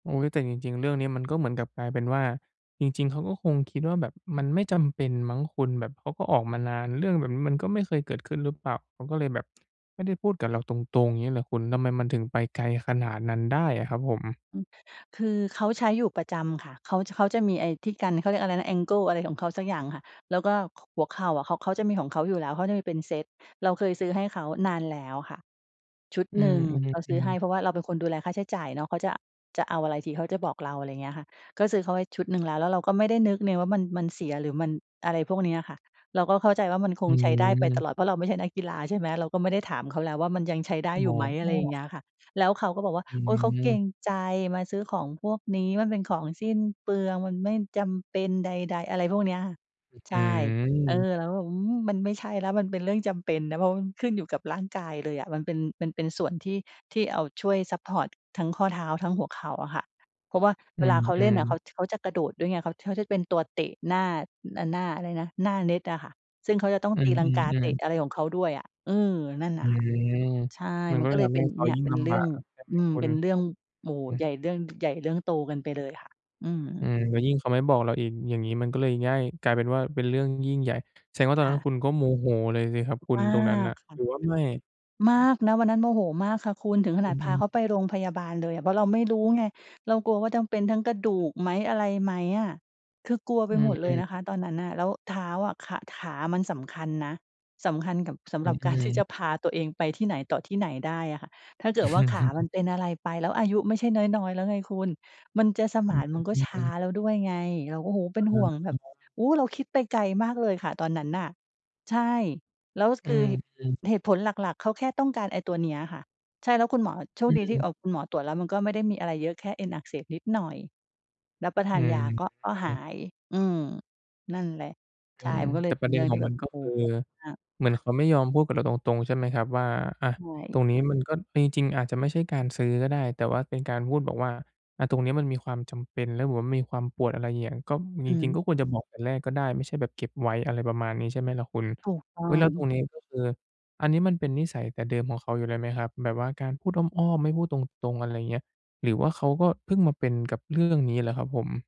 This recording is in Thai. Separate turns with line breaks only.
โอ๊ย แต่จริง ๆ เรื่องเนี้ยมันก็เหมือนกลับกลายเป็นว่า จริง ๆ เขาก็คงคิดว่าแบบมันไม่จำเป็นมั้งคุณ แบบเขาก็ออกมานาน เรื่องแบบนี้มันก็ไม่เคยเกิดขึ้นหรือเปล่า เขาก็เลยแบบไม่ได้พูดกับเราตรง ๆ เงี้ยล่ะคุณ ทำไมมันถึงไปไกลขนาดนั้นได้อะครับผม?
อือ คือเขาใช้อยู่ประจำค่ะ เขาจะ เขาจะมีไอ้ที่กัน เขาเรียกอะไรนะ แองเกิลอะไรของเขาสักอย่างค่ะ แล้วก็ ข หัวเข่าอะ เขา เขาจะมีของเขาอยู่แล้ว เขาจะมีเป็นเซต เราเคยซื้อให้เขานานแล้วค่ะชุด
อื
หนึ่ง เราซื้อ
ม
ให้
ๆ ๆ
เพราะว่าเราเป็นคนดูแลค่าใช้จ่ายเนาะ เขาจะ จะเอาอะไรทีเขาจะบอกเรา อะไรอย่างเงี้ยค่ะ ก็ซื้อเขาไว้ชุดหนึ่งแล้ว แล้วเราก็ไม่ได้นึกเนี่ยว่ามัน มันเสียหรือมันอะไรพวกเนี้ยค่ะ เราก็เข้าใจว่ามันค
อ
งใช้ได้ไปต
ืม
ลอด เพราะเราไม่ใช่นักกีฬา ใช่ไหม เราก็ไม่ได้ถามเขาแล้วว่ามันยังใช้ได้
อ
อยู่ไหม อะ
๋
ไรอย่าง
อ
เงี้ยค่ะ แล้วเขาก็บอกว่า
อื
โอ้ย เขาเกร
ม
งใจ มาซื้อของพวกนี้ มันเป็นของสิ้นเปลือง มันไม่จำเป็นใด ๆ อะไรพวกเนี้ยค่ะ ใ
อ
ช่ เออ
ืม
แล้ว อืม มันไม่ใช่แล้ว มันเป็นเรื่องจำเป็นนะ เพราะมันขึ้นอยู่กับร่างกายเลยอะ มันเป็น มันเป็นส่วนที่ ที่เอาช่วยซัปพอร์ตทั้งข้อเท้า ทั้งหัวเข่าอะค่ะ เพราะว่า
อื
เวลาเขาเล่นน่
ม
ะ เข
ๆ
า ท เขาจะกระโดดด้วยไง เขา เขาจะเป็นตัวเตะหน้า น หน้าอะไรนะ หน้าเน็ตอะค่ะ ซึ่งเขาจะต้อง
อื
ตีลังกาเต
ม
ะ
ๆ ๆ
อะไรของเขาด้วยอะ อือ นั่น
อื
น่ะค่ะ
ม
ใช่
มัน
มัน
ก็
ก็เ
ท
ลย
ำ
เ
ใ
ป
ห
็
้
น
เขา
เนี่ย
ยิ่ง
เป็
ล
นเ
ำ
ร
บ
ื
า
่อง
กใช่ไหม
อืม
คุ
เ
ณ?
ป็นเรื่อ
อ
ง โอ
ื
้
อ
โฮ
ฮ
ใหญ
ึ
่ เรื่องใหญ่ เรื่องโตกันไปเลยค่ะ อื
อ
ม
ืม แล้วยิ่งเขาไม่บอกเราอีก อย่างงี้มันก็เลยง่าย กลายเป็นว่าเป็นเรื่องยิ่งใหญ่ แสดงว่าตอ
ค
นนั
่
้น
ะ
คุณก็โมโหเลยสิครับคุณ
มา
ตรงนั้นน
ก
่ะ
ค่ะ
หรือว่าไม่?
มากนะ วันนั้นโมโหมากค่ะคุณ ถึงข
อ
น
ื
าดพา
ม
เข
ๆ
าไปโรงพยาบาลเลยอะ เพราะเราไม่รู้ไง เรากลัวว่าจะเป็นทั้งกระดูกไหม อะไรไหมอะ คือกลัวไ
อ
ป
ื
หมดเลย
อ
นะคะต
ๆ ๆ
อนนั้นน่ะ แล้วเท้าอะ ขา ขามันสำคัญนะ สำคัญส
อ
ำ
ื
หรับกับการที่
ม
จ
ๆ
ะพาตัวเองไปที่ไหนต่อที่ไหนได้อะค่ะ ถ้าเกิดว่าขา
อ
มั
ือ
นเป็นอะไรไปแล้ว อายุไม่ใช่น้อย ๆ แล้วไงคุณ มันจะส
อ
ม
ื
าน มันก็ช้
ม
า
ๆ ๆ ๆ
แล้วด้วยไง เราก็ โอ้โฮ เ
อ
ป็
ะ
น
ฮ
ห
ะ
่วงแบบ
ๆ
โอ้ เราคิดไปไกลมากเลยค่ะตอนนั้นน่ะ ใช่ แล้ว
อื
คือ
อ
เห
ฮึ
เหตุผลหลัก ๆ เขาแค่ต้องการไอ้ตัวเนี้ยค่ะ ใช่ แล้วคุณหมอ โช
อ
ค
ื
ดีที่ เ
ม
อ่อ คุณหมอตรวจแล้วมันก็ไม่ได้มีอะไรเยอะ แค่เอ็นอักเสบนิดหน่อย รับประท
อื
านย
อ
าก็ ก็
ฮ
หา
ึ
ย อืม นั่นแหละ
อื
ใช่
ม
มันก็เ
แ
ล
ต่
ยเ
ป
ป็
ระ
น
เด
เ
็
รื
น
่อง
ข
ท
อ
ี
ง
่แ
ม
บ
ัน
บ
ก็
โอ
ค
้
ือ
โฮ
เหมือนเขาไม่ยอมพูดกับเราตรง ๆ ใช่ไหมครับว่า อะ
ใช
ต
่
รงนี้มันก็มีจริงอาจจะไม่ใช่การซื้อก็ได้ แต่ว่าเป็นการพูดบอกว่า อะ ตรงเนี้ยมันมีความจำเป็นแล้วแบบว่ามีความปวด อะไรอย่างเงี้ย ก็จ
อื
ริง
ม
ๆ ก็ควรจะบอกแต่แรกก็ได้ ไม่ใช่แบบเก็บไว้อะไรประมาณนี้ ใช่ไหมล่ะคุณ
ถูกต้อ
อุ๊ย แล้
ง
วตรงนี้ก็คือ อันนี้มันเป็นนิสัยแต่เดิมของเขาอยู่แล้วไหมครับ แบบว่าการพูดอ้อม ๆ ไม่พูดตรง ๆ อะไรอย่างเงี้ย หรือว่าเขาก็เพิ่งมาเป็นกับเรื่องนี้แหละครับผม?